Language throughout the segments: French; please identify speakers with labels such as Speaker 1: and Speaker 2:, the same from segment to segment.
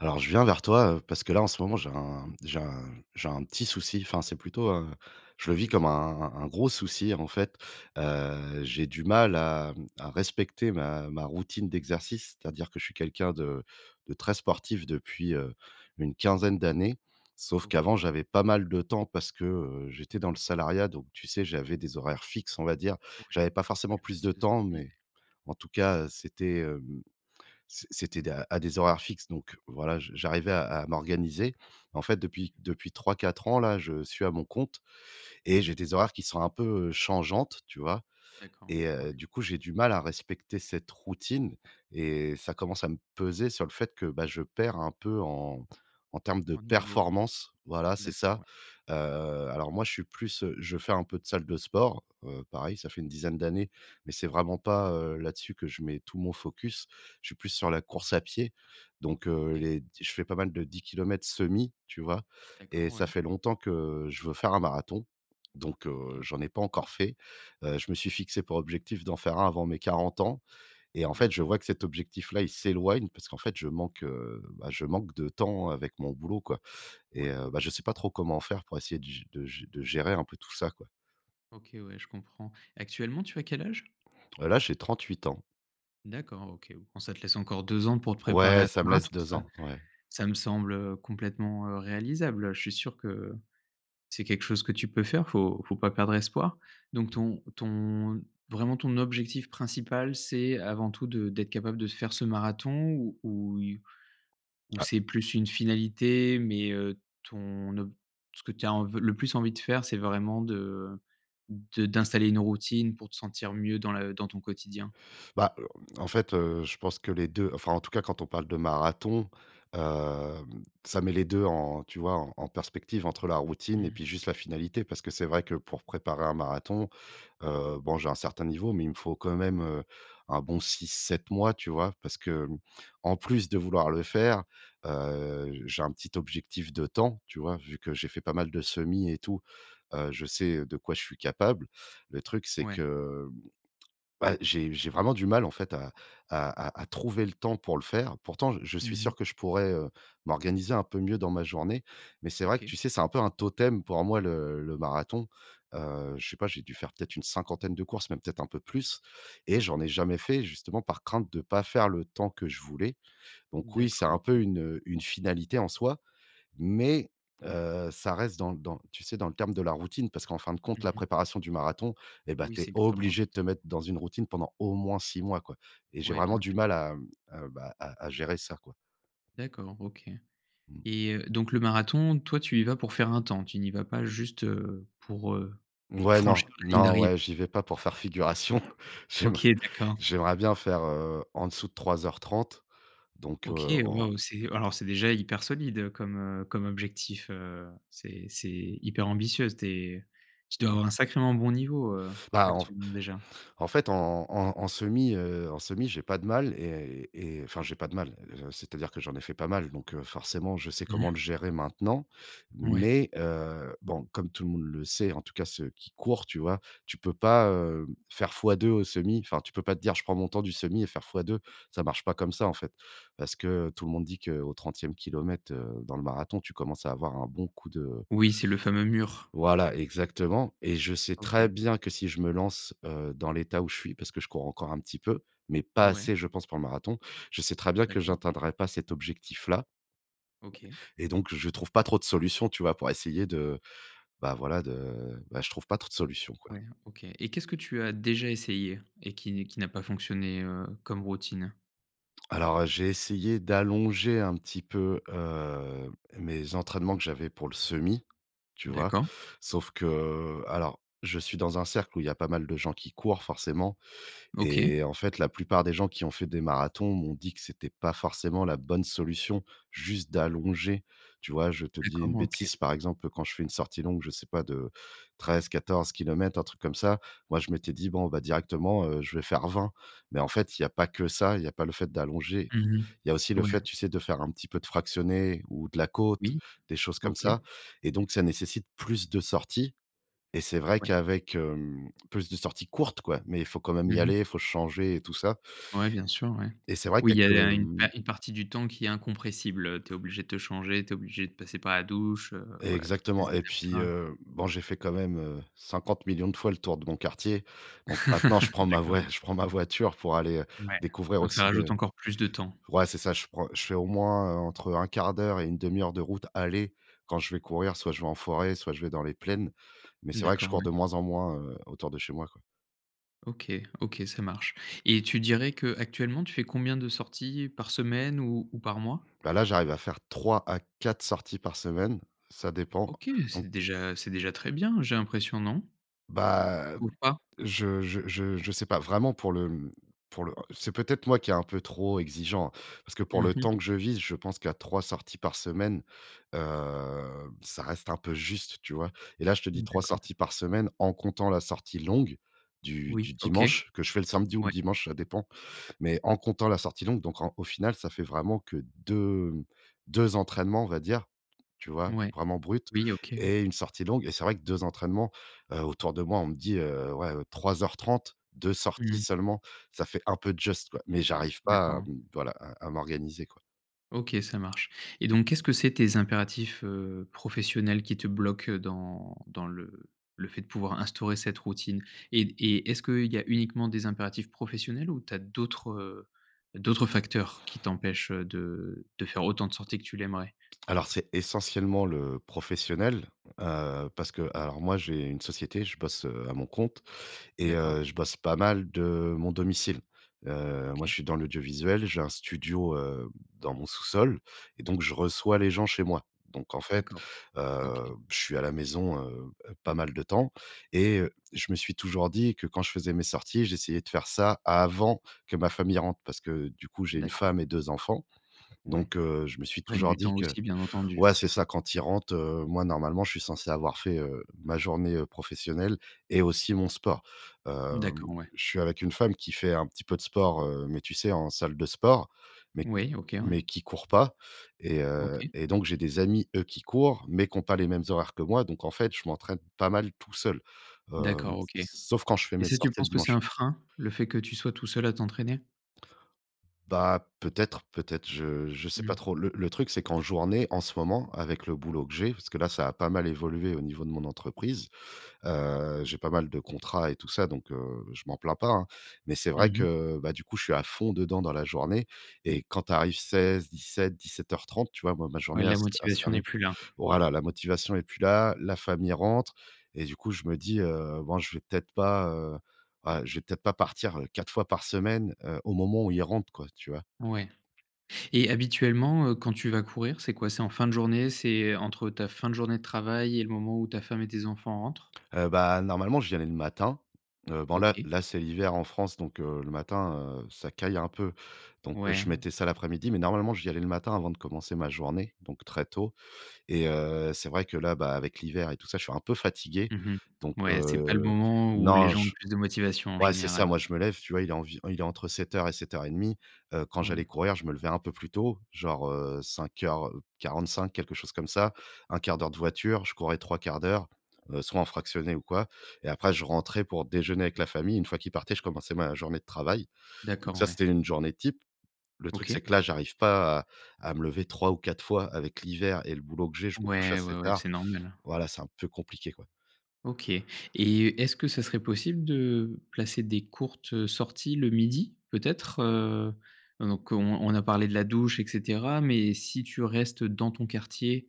Speaker 1: Alors je viens vers toi, heu, parce que là en ce moment j'ai un j'ai un, j'ai un petit souci, enfin, c'est plutôt, heu, je le
Speaker 2: Ah
Speaker 1: vis
Speaker 2: ouais,
Speaker 1: comme un
Speaker 2: dis-moi.
Speaker 1: un un gros souci en fait. Heu, j'ai du mal à mmh, à respecter ma ma routine d'exercice c'est-à-dire que je suis quelqu'un de de très sportif depuis, heu, une quinzaine d'années. Sauf
Speaker 2: OK.
Speaker 1: qu'avant j'avais pas mal de temps parce que, heu, j'étais dans le salariat donc tu sais, j'avais des horaires fixes on va dire
Speaker 2: Ouais,
Speaker 1: j'avais pas forcément
Speaker 2: plus
Speaker 1: plus
Speaker 2: facile
Speaker 1: de
Speaker 2: de
Speaker 1: temps
Speaker 2: s'organiser.
Speaker 1: mais en tout cas, heu, c'était, hem, c'é c'était de heu, à des horaires fixes donc, voilà, je j'arrivais à à m'organiser. En fait, depuis
Speaker 2: OK.
Speaker 1: depuis 3-4 ans là, je suis à mon compte et j'ai des horaires qui sont un peu, heu, changeantes tu vois?
Speaker 2: D'accord,
Speaker 1: Et
Speaker 2: ouais.
Speaker 1: heu, du coup j'ai du mal à respecter cette routine et ça commence à me peser sur le fait que, bah, je perds un peu en en termes de
Speaker 2: En niveau?
Speaker 1: performance voilà, c'est ça.
Speaker 2: D'accord, ouais.
Speaker 1: Heu, alors moi je suis plus heu, je fais un peu de salle de sport, heu, pareil ça fait une dizaine d'années mais c'est vraiment pas, heu, là-dessus que je mets tout mon focus, je suis plus sur la course à pied. Donc, heu,
Speaker 2: OK.
Speaker 1: les d je fais pas mal de 10 kilomètres semi, tu vois?
Speaker 2: D'accord,
Speaker 1: Et ça
Speaker 2: ouais.
Speaker 1: fait longtemps que je veux faire un marathon, donc heu,
Speaker 2: OK.
Speaker 1: j'en ai pas encore fait, heu, je me suis fixé pour objectif d'en faire un avant mes 40 ans. Et en fait, je
Speaker 2: D'acco
Speaker 1: vois que cet objectif-là il s'éloigne parce qu'en fait je manque, heu, bah, je manque de temps avec mon boulot, quoi. Et
Speaker 2: Ouais,
Speaker 1: heu,
Speaker 2: OK.
Speaker 1: bah, je sais pas trop comment faire pour essayer de g de gé de gérer un peu tout ça quoi.
Speaker 2: OK ouais, je comprends. Actuellement, tu as quel âge?
Speaker 1: Heu là, j'ai 38 ans.
Speaker 2: D'accord, OK. Bon, ça te laisse encore 2 ans pour te préparer
Speaker 1: Ouais,
Speaker 2: à ce
Speaker 1: ça me laisse
Speaker 2: marathon,
Speaker 1: 2
Speaker 2: ça
Speaker 1: ans. Ouais.
Speaker 2: ça me semble, heu, complètement, heu, réalisable. Heu, je suis sûr que c'est quelque chose que tu peux faire, faut faut pas perdre espoir, donc
Speaker 1: Mmh.
Speaker 2: ton ton vraiment ton objectif principal, c'est avant tout de d'être capable de faire ce marathon ou ouille ou
Speaker 1: Ah!
Speaker 2: c'est plus une finalité? Mais, heu, ton ob ce que tu as env heu, le plus envie de faire, c'est vraiment de de d'installer une routine pour te sentir mieux dans la dans ton quotidien?
Speaker 1: Bah, heu heu, en fait, heu, je pense que les 2 enfin, en tout cas, quand on parle de marathon, hem, ça met les 2 en, tu vois? En en perspective, entre la routine et
Speaker 2: Mmh.
Speaker 1: puis juste la finalité. Parce que c'est vrai que, pour préparer un marathon, heu, bon, j'ai un certain niveau, mais il me faut quand même, heu, un bon 6-7 mois, tu vois? Parce que, mmh, en plus de vouloir le faire, heu, j'ai un petit objectif de temps, tu vois? Vu que j'ai fait pas mal de semis et tout. Heu, je sais de quoi je suis capable, le truc, c'est
Speaker 2: Ouais.
Speaker 1: que, mmh. Bah, j'ai j'ai vraiment du mal, en fait, à à à à trouver le temps pour le faire. Pourtant, je je
Speaker 2: Mmh
Speaker 1: suis
Speaker 2: mh.
Speaker 1: sûr que je pourrais, heu, m'organiser un peu mieux dans ma journée, mais c'est vrai que,
Speaker 2: OK.
Speaker 1: tu sais, c'est un peu un totem pour moi le le marathon. Heu, je sais pas, j'ai dû faire peut-être une cinquantaine de courses, mais peut-être un peu plus, et j'en
Speaker 2: D'accord.
Speaker 1: ai jamais fait, justement, par crainte de pas faire le temps que je voulais, donc oui, c'est
Speaker 2: D'accord,
Speaker 1: un peu
Speaker 2: OK.
Speaker 1: une, heu, une finalité en soi, mais, heu, ça reste dans dans, tu sais? Dans le terme de la routine. Parce qu'en fin de compte
Speaker 2: Mmh
Speaker 1: la
Speaker 2: mh.
Speaker 1: préparation du marathon, et bah,
Speaker 2: Oui,
Speaker 1: tu es
Speaker 2: c'est extrêmement
Speaker 1: obligé de te mettre
Speaker 2: important.
Speaker 1: dans une routine pendant au moins 6 mois, quoi, et j'ai
Speaker 2: Ouais,
Speaker 1: vraiment
Speaker 2: bien
Speaker 1: du
Speaker 2: sûr.
Speaker 1: mal à, mmh, heu, bah, à à gérer ça, quoi.
Speaker 2: D'accord, OK,
Speaker 1: Mmh.
Speaker 2: et, heu, donc le marathon, toi, tu y vas pour faire un temps? Tu n'y vas pas juste, heu, pour, heu,
Speaker 1: V ouais, non,
Speaker 2: franchir la ligne
Speaker 1: non,
Speaker 2: d'arrivée?
Speaker 1: ouais, j'y vais pas pour faire figuration. J'aimer
Speaker 2: OK, d'accord.
Speaker 1: j'aimerais bien faire, heu, en dessous de 3 heures 30 donc
Speaker 2: OK,
Speaker 1: heu, en
Speaker 2: waouh! C'est alors, c'est déjà hyper solide, heu, comme, heu, comme objectif, heu, c'est c'est hyper ambitieux. Tu es tu dois
Speaker 1: Ouais.
Speaker 2: avoir un sacrément bon niveau, heu,
Speaker 1: Bah en f
Speaker 2: actuellement déjà?
Speaker 1: en fait, en en en semi, heu, en semi, j'ai pas de mal et et et, enfin, j'ai pas de mal, heu, c'est-à-dire que, j'en ai fait pas mal, donc heu, forcément, je sais
Speaker 2: Mmh.
Speaker 1: comment le gérer maintenant,
Speaker 2: Ouais.
Speaker 1: mais heu, bon, comme tout le monde le sait, en tout cas, ceux qui courent, tu vois? Tu peux pas, heu, faire fois 2 au semi, enfin, tu peux pas te dire: «Je prends mon temps du semi et faire fois 2», ça marche pas comme ça, en fait. Parce que tout le monde dit que: «au 30e km, heu, dans le marathon, tu commences à avoir un bon coup de»
Speaker 2: Oui, c'est le fameux mur.
Speaker 1: Voilà exactement, et je sais très
Speaker 2: OK.
Speaker 1: bien que si je me lance, heu, dans l'état où je suis. Parce que je cours encore un petit peu, mais pas
Speaker 2: Ouais.
Speaker 1: assez, je pense, pour le marathon, je sais très bien que
Speaker 2: D'accord.
Speaker 1: j'atteindrai pas cet objectif-là.
Speaker 2: OK.
Speaker 1: Et donc je trouve pas trop de solution, tu vois? Pour essayer de, bah, voilà, de, bah, je trouve pas trop de solution, quoi.
Speaker 2: Ouais, OK, et qu'est-ce que tu as déjà essayé et qui n qui n'a pas fonctionné, heu, comme routine?
Speaker 1: Alors, heu, j'ai essayé d'allonger un petit peu, heu, mes entraînements que j'avais pour le semi, tu vois?
Speaker 2: D'accord.
Speaker 1: Sauf que, heu alors, je suis dans un cercle où il y a pas mal de gens qui courent, forcément et
Speaker 2: OK.
Speaker 1: en fait, la plupart des gens qui ont fait des marathons m'ont dit que c'était pas forcément la bonne solution juste d'allonger, tu vois? Je te dis une
Speaker 2: D'accord. OK.
Speaker 1: bêtise, par exemple, quand je fais une sortie longue, je sais pas de 13-14 kilomètres, un truc comme ça, moi je m'étais dit: «Bon, bah directement, heu, je vais faire 20». Mais en fait il y a pas que ça, il y a pas le fait d'allonger.
Speaker 2: Mmh
Speaker 1: Il y a aussi
Speaker 2: mh.
Speaker 1: le fait,
Speaker 2: Ouais.
Speaker 1: tu sais, de faire un petit peu de fractionné ou de la côte,
Speaker 2: Oui.
Speaker 1: des choses comme
Speaker 2: OK.
Speaker 1: ça et donc, ça nécessite plus de sorties et c'est vrai
Speaker 2: Ouais.
Speaker 1: qu'avec, hem plus de sorties courtes, quoi, mais faut quand même
Speaker 2: Mmh
Speaker 1: y
Speaker 2: mh.
Speaker 1: aller, faut se changer et tout ça
Speaker 2: Ouais. Bien sûr, ouais.
Speaker 1: et c'est vrai
Speaker 2: Oui,
Speaker 1: qu'à
Speaker 2: il y
Speaker 1: que,
Speaker 2: a une pa
Speaker 1: mmh
Speaker 2: une partie du temps qui est incompressible, heu, tu es obligé de te changer, tu es obligé de passer par la douche, heu, voilà, toutes ces
Speaker 1: Exactement et puis,
Speaker 2: étapes-là.
Speaker 1: heu, bon, j'ai fait quand même, heu, 50 000 000 de fois le tour de mon quartier donc maintenant je prends ma
Speaker 2: D'accord.
Speaker 1: vouais, je prends ma voiture pour aller, heu,
Speaker 2: Ouais.
Speaker 1: découvrir
Speaker 2: Donc, ça
Speaker 1: aussi
Speaker 2: rajoute
Speaker 1: de
Speaker 2: encore plus de temps.
Speaker 1: ouais, c'est ça. Je prends je fais au moins, heu, entre 1/4 d'heure et 1/2 heure de route aller quand je vais courir, soit je vais en forêt, soit je vais dans les plaines mais
Speaker 2: Mmh
Speaker 1: c'est vrai que je
Speaker 2: d'accord.
Speaker 1: cours
Speaker 2: Ouais.
Speaker 1: de moins en moins, heu, autour de chez moi, quoi.
Speaker 2: OK, OK, ça marche. Et tu dirais qu'actuellement, tu fais combien de sorties par semaine ou ou par mois?
Speaker 1: Bah là, j'arrive à faire 3 à 4 sorties par semaine, ça dépend.
Speaker 2: OK! C'est
Speaker 1: Donc
Speaker 2: déjà c'est déjà très bien, j'ai l'impression, non?
Speaker 1: Bah
Speaker 2: Ou
Speaker 1: hem
Speaker 2: pas?
Speaker 1: je je je je sais pas, vraiment, pour le, mmh, pour le, heu c'est peut-être moi qui est un peu trop exigeant, hein, parce que pour
Speaker 2: Mmh
Speaker 1: le
Speaker 2: mh.
Speaker 1: temps que je vise, je pense qu'à 3 sorties par, semaine, heu, ça reste un peu juste, tu vois? Et là, je te dis
Speaker 2: Mmh,
Speaker 1: 3
Speaker 2: d'accord.
Speaker 1: sorties par semaine en comptant la sortie longue, du
Speaker 2: Oui,
Speaker 1: du
Speaker 2: OK!
Speaker 1: dimanche, que je fais le samedi ou le
Speaker 2: Ouais.
Speaker 1: dimanche ça dépend, mais en comptant la sortie longue, donc en au final ça fait vraiment que 2, mmh, 2 entraînements, on va dire, tu vois,
Speaker 2: Ouais.
Speaker 1: vraiment bruts,
Speaker 2: Oui, OK, ou
Speaker 1: et une sortie longue. Et c'est vrai que, 2 entraînements, heu, autour de moi on me dit heu: «Ouais, heu, 3:30, 2 sorties
Speaker 2: Mmh.
Speaker 1: seulement, ça fait un peu just, quoi. Mais j'arrive pas à,
Speaker 2: D'accord.
Speaker 1: mmh, voilà, à à m'organiser, quoi.
Speaker 2: OK, ça marche. Et donc, qu'est-ce que c'est, tes impératifs, heu, professionnels, qui te bloquent, heu, dans dans le le fait de pouvoir instaurer cette routine? Et d et est-ce qu'il y a uniquement des impératifs professionnels ou tu as d'autres, heu, d'autres facteurs qui t'empêchent, heu, de de faire autant de sorties que tu l'aimerais?
Speaker 1: Alors, c'est essentiellement le professionnel, heu, parce que, alors, moi j'ai une société, je bosse, heu, à mon compte et
Speaker 2: D'accord.
Speaker 1: heu, je bosse pas mal de mon domicile. Heu, moi je
Speaker 2: OK.
Speaker 1: suis dans l'audiovisuel, j'ai un studio, hem, dans mon sous-sol, et donc, je reçois les gens chez moi. Donc en fait,
Speaker 2: D'accord, OK.
Speaker 1: heu, je suis à la maison, heu heu, pas mal de temps, et heu, je me suis toujours dit que quand je faisais mes sorties, j'essayais de faire ça avant que ma famille rentre, parce que du coup j'ai une
Speaker 2: D'accord.
Speaker 1: femme et 2 enfants.
Speaker 2: Ouais,
Speaker 1: Donc, heu, je me suis
Speaker 2: qui prennent
Speaker 1: toujours
Speaker 2: du
Speaker 1: dit
Speaker 2: temps
Speaker 1: que
Speaker 2: aussi, bien entendu.
Speaker 1: ouais, c'est ça, quand ils rentrent, heu, moi, normalement je suis censé avoir fait, heu, ma journée, heu, professionnelle et aussi mon sport. Hem,
Speaker 2: D'accord, ouais.
Speaker 1: je suis avec une femme qui fait un petit peu de sport, heu, mais tu sais, en salle de sport, mais qui
Speaker 2: Oui, OK,
Speaker 1: mais
Speaker 2: ouais.
Speaker 1: qui court pas, et heu,
Speaker 2: OK.
Speaker 1: et donc, j'ai des amis, eux, qui courent, mais qui ont pas les mêmes horaires que moi, donc, en fait, je m'entraîne pas mal tout seul. Hem,
Speaker 2: D'accord,
Speaker 1: s
Speaker 2: OK.
Speaker 1: sauf quand je fais
Speaker 2: Et
Speaker 1: mes
Speaker 2: ça, tu
Speaker 1: sorties le
Speaker 2: penses que c'est
Speaker 1: dimanche
Speaker 2: un frein, le fait que tu sois tout seul à t'entraîner?
Speaker 1: Bah peut-être, peut-être, je je sais
Speaker 2: Mmh.
Speaker 1: pas trop. Le le truc c'est qu'en journée, en ce moment, avec le boulot que j'ai parce que là ça a pas mal évolué au niveau de mon entreprise. Heu, j'ai pas mal de contrats et tout ça, donc, heu, je m'en plains pas, hein. Mais c'est
Speaker 2: Mmh
Speaker 1: vrai
Speaker 2: mh.
Speaker 1: que, bah du coup, je suis à fond dedans dans la journée. Et quand tu arrives 16:00-17:00-17:30, tu vois? Moi ma
Speaker 2: Ouais,
Speaker 1: journée elle
Speaker 2: la
Speaker 1: elle se
Speaker 2: motivation n'est
Speaker 1: termine.
Speaker 2: plus là.
Speaker 1: Voilà la motivation est plus là, la famille rentre. Et du coup je me dis heu: «Bon je vais peut-être pas, heu, voilà je vais peut-être pas partir, heu, 4 fois par semaine, heu, au moment où ils rentrent quoi». Tu vois?
Speaker 2: Ouais. Et habituellement, heu, quand tu vas courir, c'est quoi? C'est en fin de journée, c'est, heu, entre ta fin de journée de travail et le moment où ta femme et tes enfants rentrent?
Speaker 1: Heu, bah normalement, j'y allais le matin. Heu, bon là
Speaker 2: OK.
Speaker 1: là c'est l'hiver en France donc, heu, le matin, heu, ça caille un peu. Donc, heu,
Speaker 2: Ouais.
Speaker 1: je mettais ça l'après-midi. Mais normalement, j'y allais le matin avant de commencer ma journée, donc très tôt. Et heu, c'est vrai que là, bah avec l'hiver et tout ça je suis un peu fatigué.
Speaker 2: Mmh mh.
Speaker 1: Donc,
Speaker 2: Ouais, c'est pas le
Speaker 1: heu,
Speaker 2: moment où les
Speaker 1: non
Speaker 2: gens ont
Speaker 1: j
Speaker 2: plus de motivation en
Speaker 1: ouais c'est ça
Speaker 2: général.
Speaker 1: moi je me lève tu vois, il est envi il est entre 07:00 et 07:30. Heu, quand j'allais
Speaker 2: Oui.
Speaker 1: courir, je me levais un peu plus tôt genre, heu, 05:45 quelque chose comme ça. 1/4 d'heure de voiture, je courais 3/4 d'heures, heu, soit en fractionné ou quoi. Et après je rentrais pour déjeuner avec la famille. Une fois qu'ils partaient, je commençais ma journée de travail.
Speaker 2: D'accord,
Speaker 1: Donc ça,
Speaker 2: ouais.
Speaker 1: c'était une journée type. Le truc c'est
Speaker 2: OK.
Speaker 1: que là j'arrive pas à à me lever 3 ou 4 fois avec l'hiver et le boulot que j'ai je me couche
Speaker 2: Ouais,
Speaker 1: assez
Speaker 2: ouais, ouais,
Speaker 1: tard.
Speaker 2: c'est normal, heu.
Speaker 1: Voilà, c'est un peu compliqué quoi.
Speaker 2: OK et est-ce que ça serait possible de placer des courtes, heu, sorties le midi, peut-être? Heu heu, donc on on a parlé de la douche et cetera, mais si tu restes dans ton quartier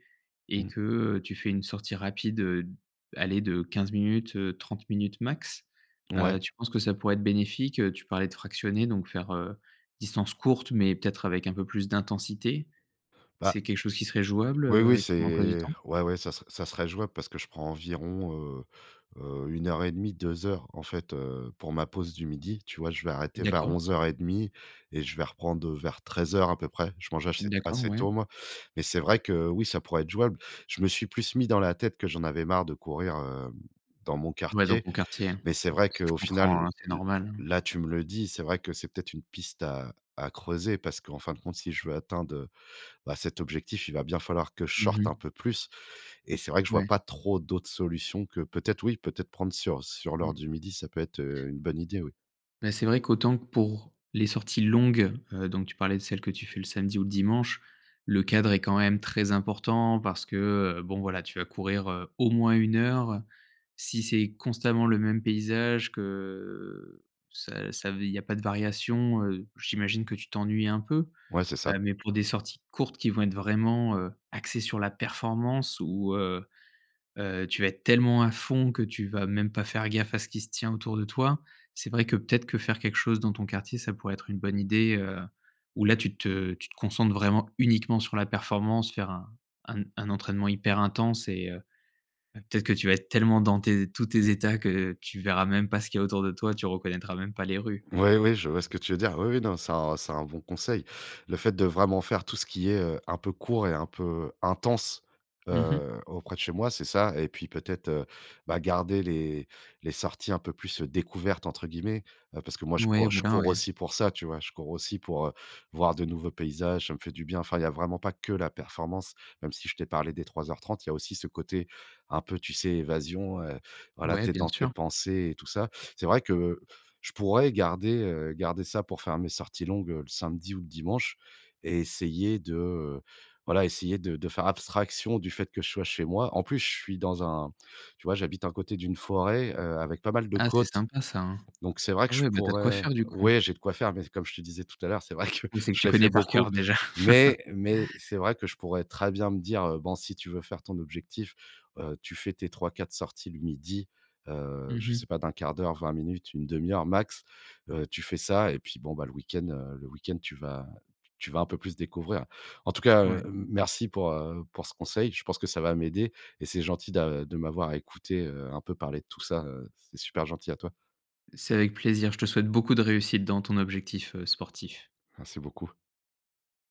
Speaker 2: et
Speaker 1: Mmh.
Speaker 2: que, heu, tu fais une sortie rapide, heu, d allez, de 15 minutes, heu, 30 minutes max,
Speaker 1: Ouais.
Speaker 2: heu, tu penses que ça pourrait être bénéfique? Heu, tu parlais de fractionner donc faire, heu, distance courte, mais peut-être avec un peu plus d'intensité.
Speaker 1: Bah,
Speaker 2: C'est quelque chose qui serait jouable,
Speaker 1: oui,
Speaker 2: heu,
Speaker 1: oui,
Speaker 2: avec ton emploi du
Speaker 1: c'est
Speaker 2: temps?
Speaker 1: ouais, ouais, ça ser ça serait jouable parce que je prends environ, heu heu, 1 heure et 1/2- 2 heures en fait, heu, pour ma pause du midi, tu vois? Je vais arrêter vers
Speaker 2: D'accord.
Speaker 1: 11:30 et je vais reprendre, heu, vers 13:00 à peu près. Je mange achét
Speaker 2: D'accord,
Speaker 1: assez
Speaker 2: ouais.
Speaker 1: tôt, moi, mais c'est vrai que, oui, ça pourrait être jouable. Je me suis plus mis dans la tête que j'en avais marre de courir, hem, dans mon
Speaker 2: Ouais dans
Speaker 1: quartier.
Speaker 2: ton quartier, hein.
Speaker 1: Mais c'est vrai
Speaker 2: Je
Speaker 1: qu'au final
Speaker 2: comprends, hein,
Speaker 1: l
Speaker 2: c'est
Speaker 1: l
Speaker 2: normal, hein.
Speaker 1: là, tu me le dis, c'est vrai que c'est peut-être une piste à à creuser. Parce qu'en fin de compte si je veux atteindre, heu, bah, cet objectif, il va bien falloir que je
Speaker 2: Mmh
Speaker 1: sorte un
Speaker 2: mh.
Speaker 1: peu plus et c'est vrai que je vois
Speaker 2: Ouais.
Speaker 1: pas trop d'autres solutions que peut-être, oui, peut-être prendre sur sur
Speaker 2: Mmh.
Speaker 1: l'heure du 12:00, ça peut être, heu, une bonne idée, oui.
Speaker 2: Mais c'est vrai qu'autant que pour les sorties longues, heu, donc tu parlais de celles que tu fais le samedi ou le dimanche, le cadre est quand même très important parce que, heu, bon, voilà, tu vas courir, heu, au moins 1 heure, heu. Si c'est constamment le même paysage que, ça ça il y a pas de variation, heu, j'imagine que tu t'ennuies un peu?
Speaker 1: Ouais, c'est ça.
Speaker 2: Heu, mais pour des sorties courtes qui vont être vraiment, heu, axées sur la performance ou, heu heu, tu vas être tellement à fond que tu vas même pas faire gaffe à ce qui se tient autour de toi. C'est vrai que peut-être que faire quelque chose dans ton quartier, ça pourrait être une bonne idée, heu, où là tu te tu te concentres vraiment, uniquement sur la performance, faire un un un entraînement hyper intense et heu, peut-être que tu vas être tellement dans tes tous tes états que, tu verras même pas ce qu'il y a autour de toi, tu reconnaîtras même pas les rues.
Speaker 1: Ouais. Oui, je vois ce que tu veux dire. Oui, oui. Non, c'est un c'est un bon conseil. Le fait de vraiment faire tout ce qui est, heu, un peu court et un peu, intense,
Speaker 2: Mmh mh.
Speaker 1: heu, auprès de chez moi, c'est ça? Et puis peut-être, bah garder les les sorties un peu plus, heu, «découvertes» entre guillemets heu, parce que moi je
Speaker 2: Ouais,
Speaker 1: cours je
Speaker 2: voilà,
Speaker 1: cours
Speaker 2: ouais.
Speaker 1: aussi pour ça, tu vois? Je cours aussi pour, heu, voir de nouveaux paysages, ça me fait du bien. Enfin il y a vraiment pas que la performance, même si je t'ai parlé des 03:30. Il y a aussi ce côté, un peu, tu sais, évasion, heu, voilà,
Speaker 2: Ouais,
Speaker 1: tu es
Speaker 2: bien
Speaker 1: dans tes
Speaker 2: sûr.
Speaker 1: pensées et tout ça. C'est vrai que, heu, je pourrais garder, heu, garder ça pour faire mes sorties longues le samedi ou le dimanche et essayer de heu, voilà, essayer de de faire abstraction du fait que je sois chez moi, en plus je suis dans un tu vois j'habite un côté d'une forêt, heu, avec pas mal de
Speaker 2: Ah, c'est
Speaker 1: côtes.
Speaker 2: sympa ça, hein.
Speaker 1: Donc c'est vrai que
Speaker 2: Ah
Speaker 1: je
Speaker 2: ouais, bah tu as de quoi
Speaker 1: pourrais
Speaker 2: faire du coup.
Speaker 1: ouais, j'ai de quoi faire, mais comme je te disais tout à l'heure, c'est vrai que
Speaker 2: Oui, c'est que
Speaker 1: je
Speaker 2: tu
Speaker 1: l'ai
Speaker 2: connais
Speaker 1: fait
Speaker 2: par
Speaker 1: beaucoup
Speaker 2: cœur déjà.
Speaker 1: mais mais c'est vrai que je pourrais très bien me dire: «Heu, bon si tu veux faire ton objectif, heu, tu fais tes 3-4 sorties le midi, heu,
Speaker 2: Mmh
Speaker 1: je
Speaker 2: mh.
Speaker 1: sais pas de 1/4 d'heure-20 minutes, 1/2 heures max, heu, tu fais ça et puis bon, bah le week-end heu, le week-end tu vas tu vas un peu plus découvrir». En tout cas, heu,
Speaker 2: Ouais.
Speaker 1: hem merci pour, heu, pour ce conseil, je pense que ça va m'aider et c'est gentil d'a de m'avoir écouté, heu, un peu parler de tout ça, heu, c'est super gentil à toi.
Speaker 2: C'est avec plaisir, je te souhaite beaucoup de réussite dans ton objectif, heu, sportif.
Speaker 1: Merci beaucoup.